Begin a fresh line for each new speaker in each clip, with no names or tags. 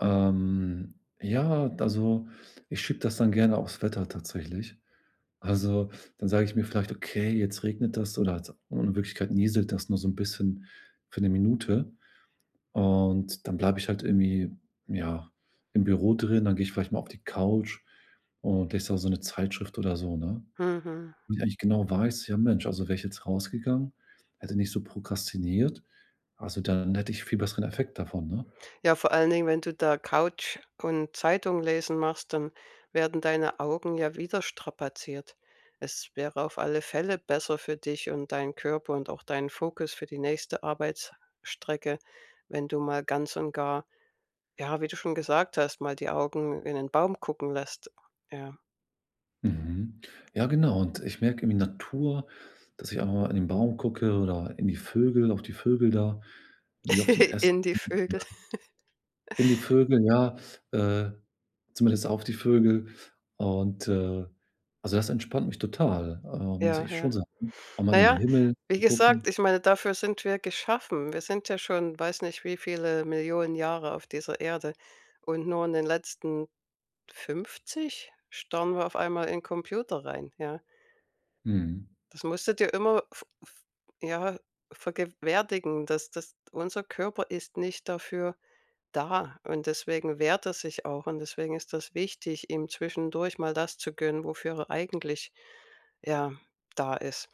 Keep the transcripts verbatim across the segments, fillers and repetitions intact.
Ähm, ja, also, ich schiebe das dann gerne aufs Wetter tatsächlich. Also, dann sage ich mir vielleicht: „Okay, jetzt regnet es” oder halt in Wirklichkeit nieselt das nur so 'n bisschen für 'ne Minute und dann bleibe ich halt irgendwie, ja, im Büro drin. Dann gehe ich vielleicht mal auf die Couch und lese da so 'ne Zeitschrift oder so, ne?
Mhm.
Und wenn ich genau weiß: „Ja, Mensch, also wäre ich jetzt rausgegangen, hätte nicht so prokrastiniert, also, dann hätte ich viel besseren Effekt davon”, ne?
Ja, vor allen Dingen, wenn du da Couch und Zeitung lesen machst, dann werden deine Augen ja wieder strapaziert. Es wäre auf alle Fälle besser für dich und deinen Körper und auch deinen Fokus für die nächste Arbeitsstrecke, wenn du mal ganz und gar, ja, wie du schon gesagt hast, mal die Augen in 'nen Baum gucken lässt, ja.
Mhm, ja genau, und ich merke, irgendwie Natur dass ich einmal auch in den Baum gucke oder in die Vögel auf die Vögel da, wie auf den Ästen
In die Vögel.
[unintelligible] in die Vögel, ja äh, zumindest auf die Vögel und, äh, also, das entspannt mich total, äh, muss
Ja,
ich schon
ja.
sagen auch mal
Na
in den
ja,
Himmel
wie
zu gucken.
gesagt, ich meine, dafür sind wir geschaffen. Wir sind ja schon, weiß nicht, wie viele Millionen Jahre auf dieser Erde, und nur in den letzten fünfzig starren wir auf einmal in Computer rein, ja.
Mhm.
Das musste dir immer v v ja, vergewerdigen, das das unser Körper ist nicht dafür da und deswegen wehrt er sich auch, und deswegen ist das wichtig, ihm zwischendurch mal das zu gönnen, wofür er eigentlich, ja, da ist.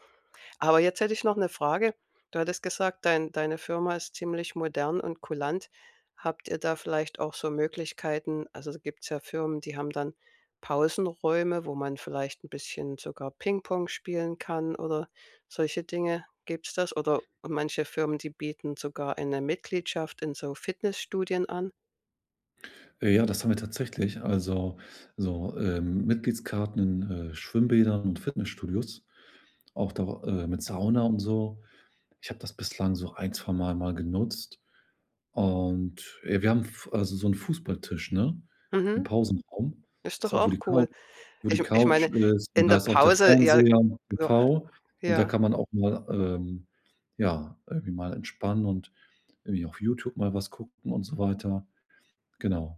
Aber jetzt hätte ich noch 'ne Frage. Du hattest gesagt, dein deine Firma ist ziemlich modern und kulant. Habt ihr da vielleicht auch so Möglichkeiten also, gibt's ja Firmen, die haben dann Pausenräume, wo man vielleicht 'n bisschen sogar Pingpong spielen kann oder solche Dinge. Gibt's das? Oder manche Firmen, die bieten sogar eine Mitgliedschaft in so Fitnessstudien an.
Ja, ja, das haben wir tatsächlich, also so, äh, Mitgliedskarten in, äh, Schwimmbädern und Fitnessstudios, auch da, äh, mit Sauna und so. Ich habe das bislang so ein, zwei Mal mal genutzt und, äh, wir haben 'n Fu also so 'n Fußballtisch, ne, im
Mhm,
Pausenraum.
ist
Das ist
doch
auch, wo
auch
die Couch
cool.
wo die
Ich ich
Couch
meine,
ist, und
in
da
der
ist auch der
Pause, ja
Fernseher und. [unintelligible] Und da
ja.
kann man auch mal, ähm, ja, irgendwie mal entspannen und irgendwie auf YouTube mal was gucken und so weiter. Genau.